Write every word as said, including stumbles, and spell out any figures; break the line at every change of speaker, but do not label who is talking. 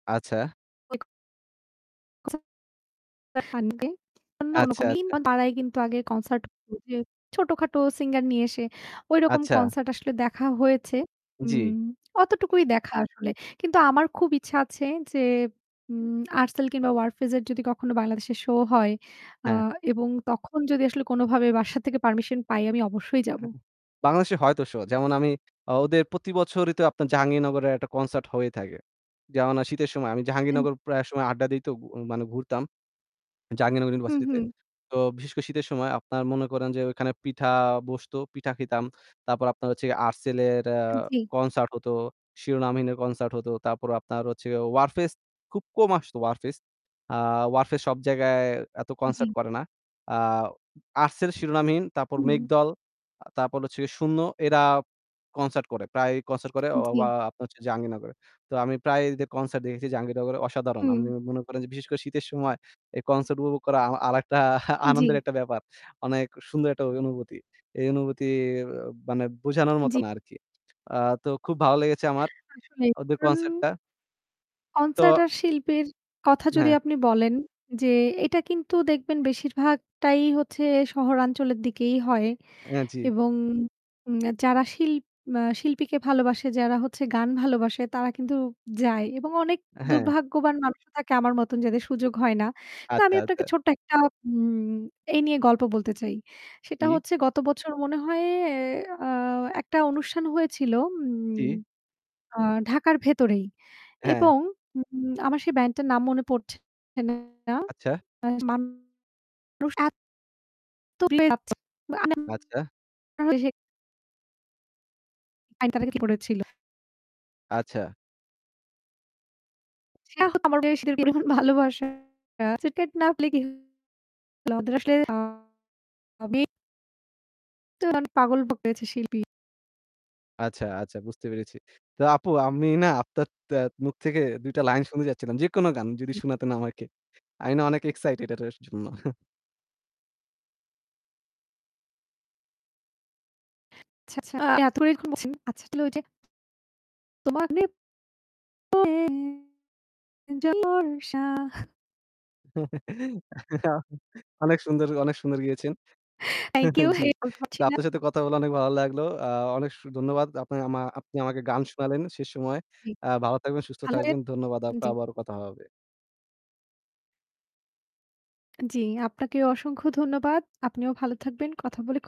আচ্ছা।
[unintelligible] [unintelligible] [unintelligible]
আচ্ছা, আচ্ছা।
পাড়ায় কিন্তু আগে কনসার্ট ওইযে ছোটখাটো singer নিয়ে এসে ঐরকম
আচ্ছা।
কনসার্ট আসলে দেখা হয়েছে।
জি।
উম অতটুকুই দেখা আসলে। কিন্তু আমার খুব ইচ্ছা আছে যে, উম 'Artcell' কিংবা 'Warfaze' এর যদি কখনো বাংলাদেশে show হয় আ
হ্যাঁ।
এবং তখন যদি আসলে কোনোভাবে বাসা থেকে permission পাই আমি অবশ্যই যাবো।
হ্যাঁ, অ্যা বাংলাদেশে হয়তো শো, যেমন আমি ওদের প্রতি বছরই তো আপনার জাহাঙ্গীরনগরে একটা কনসার্ট হয়ে থাকে। যেমন আ আমি শীতের সময় আমি
এন
জাহাঙ্গীরনগর প্রায় সময় আড্ডা দেই তো গুয় মানে ঘুরতাম, জাহাঙ্গীরনগর
হু,
ইউনিভার্সিটিতে।
হু।
তো বিশেষ করে শীতের সময় আপনার মনে করেন যে ওইখানে পিঠা বসতো, পিঠা খেতাম। তারপর আপনার হচ্ছে গিয়ে যে 'Artcell' এর অ্যা
জি।
কনসার্ট হতো, 'Shironamhin' এর কনসার্ট হতো। তারপর আপনার হচ্ছে 'Warfaze' খুব কম আসতো 'Warfaze' আ 'Warfaze' সব জায়গায় এত কনসার্ট
জি।
করে না। আ 'Artcell', 'Shironamhin' তারপর
হু।
'মেঘদল' আ তারপর হচ্ছে 'শূন্য' এরা কনসার্ট করে, প্রায়ই কনসার্ট করে অ
জি।
য়া আপনার হচ্ছে জাহাঙ্গীরনগরে। তো আমি প্রায় এদের কনসার্ট দেখেছি জাহাঙ্গীরনগরে অসাদারন। আমি
হুম।
মনে করেন যে বিশেষ করে শীতের সময় এই কনসার্ট উপবগ করা আ আরেকটা আনন্দের
জি।
একটা ব্যাপার। অনেক সুন্দর একটা ওই অনুবুতি। এই অনুবুতি অ্যা মানে বোঝানোর মতো
জি।
না আরকি। আ তো খুব ভালো লেগেচে আমার
আসলেই।
ওদের
কারণ
কনসার্টটা। তো
কনসার্টার আর শিল্পীর কথা যদি
হ্যাঁ।
আপনি বলেন, যে এটা কিন্তু দেখবেন বেশিরভাগটাই হচ্ছে শহরাঞ্চলের দিকেই হয়
অ্যা জি।
এবং উম যারা শিল ম্যা শিল্পীকে ভালোবাসে, যারা হচ্ছে গান ভালোবাসে তারা কিন্তু যায় এবং অনেক
অ্যা হ্যাঁ।
দুর্ভাগ্যবান মানুষও থাকে আমার মতন যাদের সুযোগ হয় না। কিন্তু
আত্তা
আমি আপনাকে
আত্তা।
ছোট্ট একটা উম এই নিয়ে গল্প বলতে চাই। সেটা
জি।
হচ্ছে গত বছর মনে হয় অ্যা আ একটা অনুষ্ঠান হয়েছিল উম
জি।
আ ঢাকার ভেতরেই
হ্যাঁ।
এবং উম উম আমার সেই band টার নাম মনে পড়ছে না,
আচ্ছা।
মানুষ এত [unintelligible]
আচ্ছা।
বাংলাদেশের আইন তার আগে কি করেছিল।
আচ্ছা।
[unintelligible] ভালবাসা [unintelligible] আমাদের আসলে [unintelligible] [unintelligible] পাগল হয়েছে শিল্পী।
আচ্ছা, আচ্ছা বুঝতে পেরেছি। তো আপু আমি না আপনার তে মুখ থেকে দুই টা লাইন শুনতে চাচ্ছিলাম, যেকোনো গান যদি
জি।
শোনাতেন আমাকে। আই না অনেক excited এটাটার জন্য।
আচ্ছা, আচ্ছা এত করেই যখন বলছেন আচ্ছা তাহলে ঐযে তোমা [unintelligible] বর্ষা
অনেক সুন্দর, অনেক সুন্দর গেয়েছেন
Thank you,
জি।
[unintelligible] পাচ্ছি
তো
না।
আপনার সাথে কথা বলা অনেক ভালো লাগলো। আ অনেক সু ধন্যবাদ আপনি আমা আপনি আমাকে গান শোনালেন শেষ সময়।
জি।
অ্যা ভালো থাকবেন, সুস্থ
ভালো
থাকবেন।
থাকবেন,
ধন্যবাদ আপু।
জি।
আবারও কথা হবে।
জি, আপনাকে অসংখ্য ধন্যবাদ। আপনিও ভালো থাকবেন। কথা বলে খু